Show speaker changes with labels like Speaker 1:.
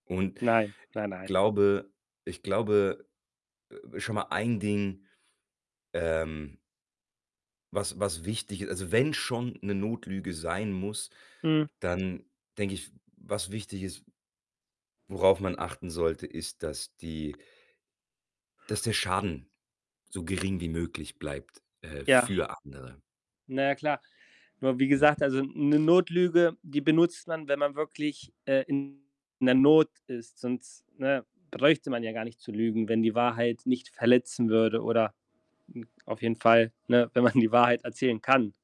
Speaker 1: Und
Speaker 2: Nein,
Speaker 1: ich
Speaker 2: nein, nei
Speaker 1: glaube ich glaube, äh, schon mal ein Ding, ähm was was wichtig i also, wenn schon 'ne Notlüge sein muss,
Speaker 2: Hm.
Speaker 1: dann denke ich, was wichtig ist worauf man achten sollte, ist, dass die dass der Schaden so gering wie möglich bleibt, äh,
Speaker 2: Ja.
Speaker 1: für andere.
Speaker 2: Na ja klar, nur wie
Speaker 1: Ja.
Speaker 2: gesagt, also 'ne Notlüge, die benutzt man, wenn man wirklich, äh, in 'ner Not ist. Sonst, ne, bräuchte man ja gar nicht zu lügen, wenn die Wahrheit nicht verletzen würde oder, hm, auf jeden Fall, ne, wenn man die Wahrheit erzählen kann.